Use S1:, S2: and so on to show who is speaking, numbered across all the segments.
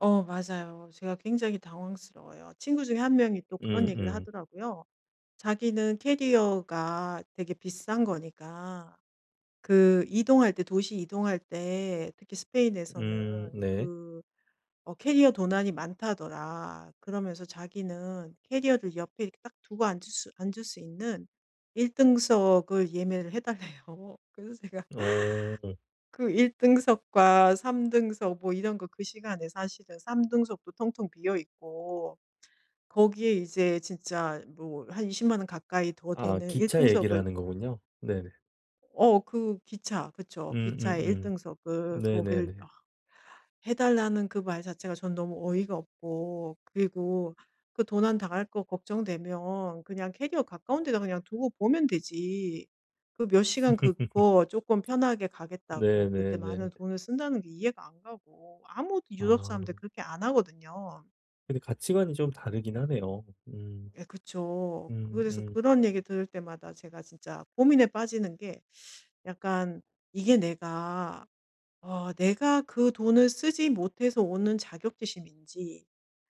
S1: 어 맞아요. 제가 굉장히 당황스러워요. 친구 중에 1 명이 또 그런 얘기를
S2: 음음.
S1: 하더라고요. 자기는 캐리어가 되게 비싼 거니까 그 이동할 때, 도시 이동할 때 특히
S2: 음.
S1: 스페인에서는
S2: 네.
S1: 그 어 캐리어 도난이 많다더라. 그러면서 자기는 캐리어를 옆에 이렇게 딱 두고 앉을 수, 앉을 수 있는 1 등석을 예매를 해 달래요. 그래서 제가
S2: 오.
S1: 그 1 등석과 3 등석 뭐 이런 거 그 시간에 사실은 3 등석도 텅텅 비어 있고 거기에 이제 진짜 뭐 한 200,000 원 가까이 더
S2: 아
S1: 되는 1
S2: 기차 얘기를
S1: 등석을
S2: 하는 거군요. 네네.
S1: 어 그 기차 그쵸. 기차의 1
S2: 음음음.
S1: 등석을 거길 아
S2: 네네네.
S1: 해 달라는 그 말 자체가 저는 너무 어이가 없고 그리고 그 도난 당할 거 걱정되면 그냥 캐리어 가까운 데다 그냥 두고 보면 되지. 그 몇 시간 그거 쪼끔 편하게 가겠다고 그렇게 많은
S2: 네네네.
S1: 돈을 쓴다는 게 이해가 안 가고 아무도 유럽 사람들
S2: 아.
S1: 그렇게 안 하거든요.
S2: 근데 가치관이 좀 다르긴 하네요. 음.
S1: 예 그쵸. 그거에 대해서
S2: 음음.
S1: 그런 얘기 들을 때마다 제가 진짜 고민에 빠지는 게 약간 이게 내가 어 내가 그 돈을 쓰지 못해서 오는 자격지심인지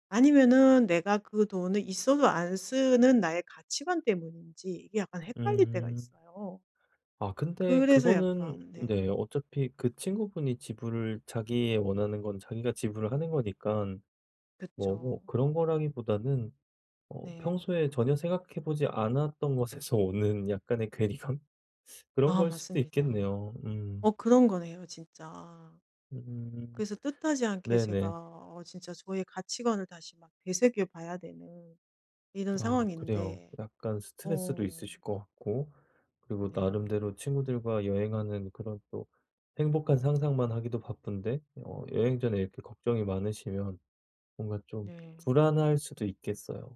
S1: 아니면은 내가 그 돈이 있어도 안 쓰는 나의 가치관 때문인지 이게 약간 헷갈릴 때가
S2: 음.
S1: 있어요.
S2: 아 근데
S1: 그래서
S2: 그거는
S1: 약간 네.
S2: 네 어차피 그 친구분이 지불을, 자기의 원하는 건 자기가 지불을 하는 거니깐 뭐 어
S1: 그쵸.
S2: 그런 거라기보다는 어
S1: 네.
S2: 평소에 전혀 생각해보지 않았던 것에서 오는 약간의 괴리감 그런
S1: 아
S2: 거일 수도
S1: 맞습니다.
S2: 있겠네요.
S1: 어
S2: 음.
S1: 그런 거네요 진짜.
S2: 음.
S1: 그래서 뜻하지 않게 제가
S2: 네네.
S1: 어 진짜 저의 가치관을 다시 막 되새겨 봐야 되는 이런
S2: 아 그래요.
S1: 상황인데
S2: 약간 스트레스도
S1: 어.
S2: 있으실 것 같고 그리고
S1: 네.
S2: 나름대로 친구들과 여행하는 그런 또 행복한 상상만 하기도 바쁜데 어 여행 전에 이렇게 걱정이 많으시면 뭔가 좀
S1: 네.
S2: 불안할 수도 있겠어요.